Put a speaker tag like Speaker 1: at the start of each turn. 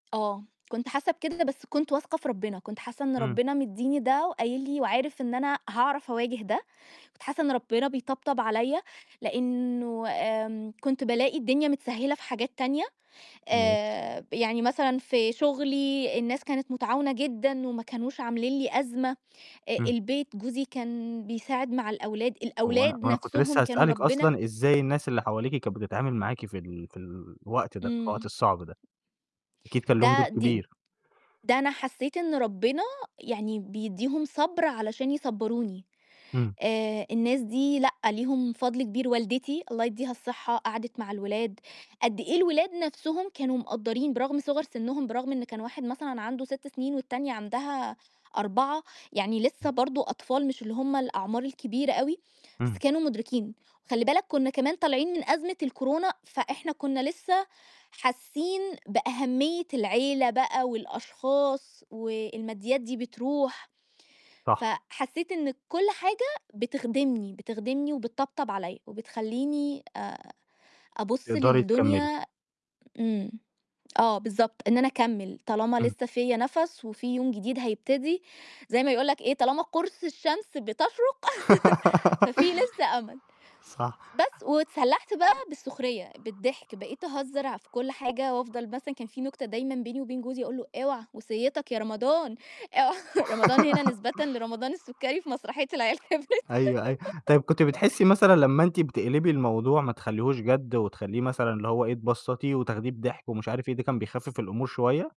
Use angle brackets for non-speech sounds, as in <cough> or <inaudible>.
Speaker 1: آه. كنت حاسّة بكده، بس كنت واثقة في ربنا، كنت حاسّة إن
Speaker 2: إمم.
Speaker 1: ربنا مدّيني ده وقايل لي وعارف إن أنا هاعرف أواجه ده، كنت حاسّة إن ربنا بيطبطب عليَّ، لأنه آمم كنت بالاقي الدنيا متسهّلة في حاجات تانية،
Speaker 2: ماشي.
Speaker 1: آآ، يعني مثلًا في شغلي الناس كانت متعاونة جدًا وما كانوش عاملين لي أزمة،
Speaker 2: إمم.
Speaker 1: البيت جوزي كان بيساعد مع الأولاد،
Speaker 2: هو أنا
Speaker 1: الأولاد
Speaker 2: هو أنا كنت
Speaker 1: نفْسهم
Speaker 2: لسه
Speaker 1: كانوا
Speaker 2: هاسألِك
Speaker 1: ربنا
Speaker 2: أصلًا إزاي الناس اللي حواليكِ كانت بتتعامل معاكِ في ال في الوقت ده، في الوقت
Speaker 1: إمم.
Speaker 2: الصعب ده؟ أكيد كان ليهم دور
Speaker 1: ده دي
Speaker 2: كبير.
Speaker 1: ده أنا حسّيت إن ربنا يعني بيدّيهم صَبْر علشان يصبّروني.
Speaker 2: إمم.
Speaker 1: آآ الناس دي لأ ليهم فضل كبير، والدتي الله يدّيها الصحة، قعدت مع الولاد، قد إيه الولاد نفْسهم كانوا مقدَّرين برغم صِغَر سنهم برغم إن كان واحد مثلًا عنده 6 سنين والتانية عندها 4، يعني لسه برضو أطفال مش اللي هُم الأعمار الكبيرة أوي، بس
Speaker 2: إمم.
Speaker 1: كانوا مدركين، وخلّي بالك كنّا كمان طالعين من أزمة الكورونا، فإحنا كنّا لسه حاسّين بأهمية العيلة بقى والأشخاص والماديات دي بترُوح،
Speaker 2: صح.
Speaker 1: فحسيت إن كل حاجة بتخدمني، بتخدمني وبتطبطب عليَّ وبتخلّيني آآ أبُص
Speaker 2: تقدَري تكمِّلي.
Speaker 1: للدنيا إمم. آه، بالضبط، إن أنا أكمِّل طالما
Speaker 2: إمم.
Speaker 1: لسه فيَّ نفْس وفي يوم جديد هيبتدي زَي ما يقول لك إيه، طالما قُرص الشمس بتشرق <laughs> ففيه لسه أمل،
Speaker 2: <laughs> صح.
Speaker 1: بس واتسلحت بقى بالسخرية بالضحك، بقيت أهزّر في كل حاجة وأفضَل مثلًا كان فيه نكتة دايمًا بيني وبين جوزي أقول له: "اوعى وصيتك يا رمضان،" آه، رمضان هنا نسبةً
Speaker 2: <laughs>
Speaker 1: لرمضان السكري في مسرحية العيال كبرت.
Speaker 2: أيوه، أيوه. طيب كنتِ
Speaker 1: <laughs>
Speaker 2: بتحسّي مثلًا لمّا أنتِ بتقلبي الموضوع ما تخلّيهوش جَد وتخلّيه مثلًا اللي هو إيه، تبسطيه وتاخديه بضحك ومش عارف إيه، ده كان بيخفف الأمور شوية؟